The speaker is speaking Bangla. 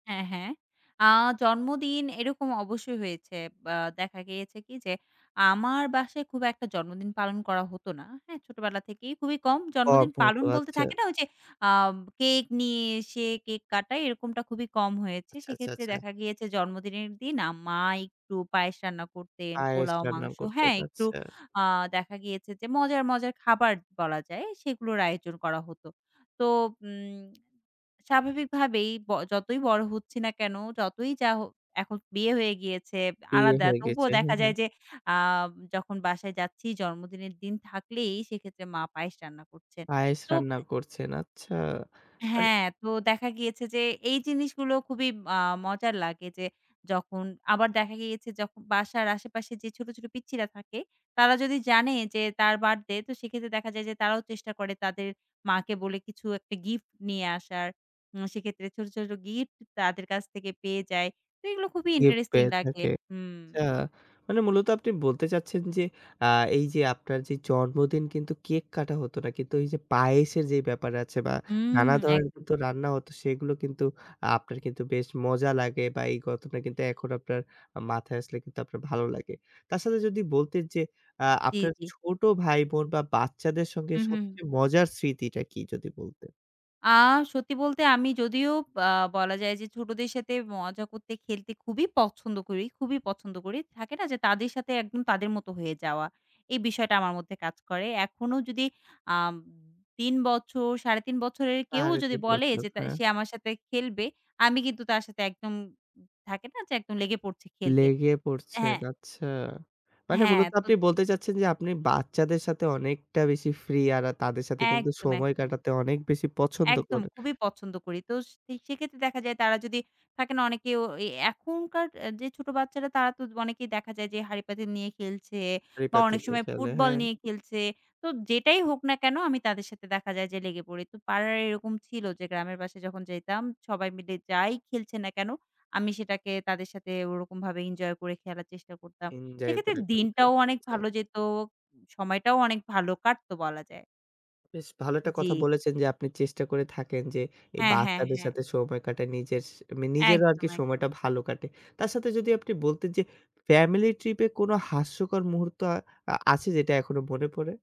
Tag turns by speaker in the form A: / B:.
A: হ্যাঁ, হ্যাঁ। আ জন্মদিন এরকম অবশ্যই হয়েছে অ্যা দেখা গিয়েছে কি যে আমার বাসায় খুব একটা জন্মদিন পালন করা হতো না, হ্যাঁ? ছোটোবেলা থেকেই খুবই কম জন্মদিন পালন
B: [unintelligible]
A: বলতে
B: আচ্ছা।
A: থাকে না ওই যে আ কেক নিয়ে এসে কেক কাটায় এরকমটা খুবই কম হয়েছে
B: আচ্ছা, আচ্ছা,
A: সেক্ষেত্রে
B: আচ্ছা।
A: দেখা গিয়েছে জন্মদিনের দিন আ মা একটু পায়েস রান্না করতেন,
B: পায়েস
A: পোলাও
B: রান্না
A: মাংস
B: করতেন
A: হ্যাঁ, একটু
B: আচ্ছা।
A: আ দেখা গিয়েছে যে মজার, মজার খাবার বলা যায় সেগুলোর আয়োজন করা হতো। তো উম স্বাভাবিকভাবেই ব যতই বড়ো হচ্ছি না কেন যতই যা এখন বিয়ে হয়ে গিয়েছে
B: বিয়ে
A: আলাদা
B: হয়ে
A: তবুও
B: গেছে। হ্যাঁ,
A: দেখা
B: হ্যাঁ।
A: যায় যে আ যখন বাসায় যাচ্ছি জন্মদিনের দিন থাকলেই সেক্ষেত্রে মা পায়েস রান্না করছেন
B: পায়েস
A: তো
B: রান্না
A: এ
B: করছেন। আচ্ছা।
A: হ্যাঁ, তো দেখা গিয়েছে যে এই জিনিসগুলো খুবই আ মজার লাগে যে যখন আবার দেখা গিয়েছে যখন বাসার আশেপাশে যে ছোটো, ছোটো পিচ্ছিরা থাকে তারা যদি জানে যে তার বার্থডে তো সেক্ষেত্রে দেখা যায় যে তারাও চেষ্টা করে তাদের মাকে বলে কিছু একটা গিফট নিয়ে আসার। উম সেক্ষেত্রে ছোটো, ছোটো গিফট তাদের কাছ থেকে পেয়ে যায় তো এগুলো খুবই
B: গিফট
A: ইন্টারেস্টিং
B: পেয়ে
A: লাগে।
B: থাকে।
A: হুম।
B: আচ্ছা, মানে মূলত আপনি বলতে চাচ্ছেন যে আ এই যে আপনার যে জন্মদিন কিন্তু কেক কাটা হতো না। কিন্তু এই যে পায়েসের যে ব্যাপার আছে বা
A: হুম,
B: নানা ধরনের
A: একদম।
B: রান্না হত সেগুলো কিন্তু আপনার কিন্তু বেশ মজা লাগে বা এই কথাটা কিন্তু এখনও আপনার মাথায় আসলে কিন্তু আপনার ভালো লাগে। তার সাথে যদি বলতেন যে আ
A: জ্বি
B: আপনার
A: জ্বি।
B: ছোট ভাই বোন বা বাচ্চাদের সঙ্গে
A: হুম, হু।
B: সবচেয়ে মজার স্মৃতিটা কি যদি বলতেন?
A: আ সত্যি বলতে আমি যদিও আ বলা যায় যে ছোটোদের সাথে মজা করতে, খেলতে খুবই পছন্দ করি, খুবই পছন্দ করি। থাকে না যে তাদের সাথে একদম তাদের মতো হয়ে যাওয়া? এই বিষয়টা আমার মধ্যে কাজ করে। এখনও যদি আ ৩ বছর, ৩.৫ বছরের কেউ
B: সাড়ে
A: যদি
B: তিন
A: বলে
B: বছর,
A: যে
B: হ্যাঁ।
A: সে আমার সাথে খেলবে আমি কিন্তু তার সাথে একদম থাকে না? যে একদম লেগে পড়ছি খেলতে,
B: লেগে পড়ছেন
A: হ্যাঁ।
B: আচ্ছা। মানে
A: হ্যাঁ।
B: মূলত
A: তো
B: আপনি বলতে চাচ্ছেন যে আপনি বাচ্চাদের সাথে অনেকটা বেশি ফ্রি আর তাদের সাথে
A: একদম
B: সময়
A: একদম।
B: কাটাতে অনেক বেশি পছন্দ
A: একদম
B: করেন।
A: খুবই পছন্দ করি তো স সেক্ষেত্রে দেখা যায় তারা যদি, থাকে না? অনেকেও এ এখনকার এ যে ছোটো বাচ্চারা তারা তো অনেকেই দেখা যায় যে হাড়িপাতিল নিয়ে খেলছে বা
B: হাঁড়ি-পাতিল
A: অনেক
B: নিয়ে
A: সময়
B: খেলে,
A: ফুটবল
B: হ্যাঁ।
A: নিয়ে খেলছে তো যেটাই হোক না কেন আমি তাদের সাথে দেখা যায় যে লেগে পড়ি। তো পাড়ার এরকম ছিল যে গ্রামের পাশে যখন যাইতাম সবাই মিলে যাই খেলছে না কেন আমি সেটাকে তাদের সাথে ওরকমভাবে এনজয় করে খেলার চেষ্টা করতাম
B: ইনজয়
A: সেক্ষেত্রে
B: করে খেলতেন।
A: দিনটাও অনেক
B: আচ্ছা।
A: ভালো যেত সময়টাও অনেক ভালো কাটতো বলা যায়।
B: বেশ ভালো একটা
A: জি।
B: কথা বলেছেন যে আপনি চেষ্টা করে থাকেন যে এই
A: হ্যাঁ, হ্যাঁ,
B: বাচ্চাদের
A: হ্যাঁ।
B: সাথে সময় কাটে নিজের নিজেরও
A: একদম,
B: আরকি
A: একদম।
B: সময়টা ভালো কাটে। তার সাথে যদি আপনি বলতেন যে ফ্যামিলি ট্রিপ এ কোন হাস্যকর মুহূর্ত আ আছে যেটা এখনো মনে পড়ে?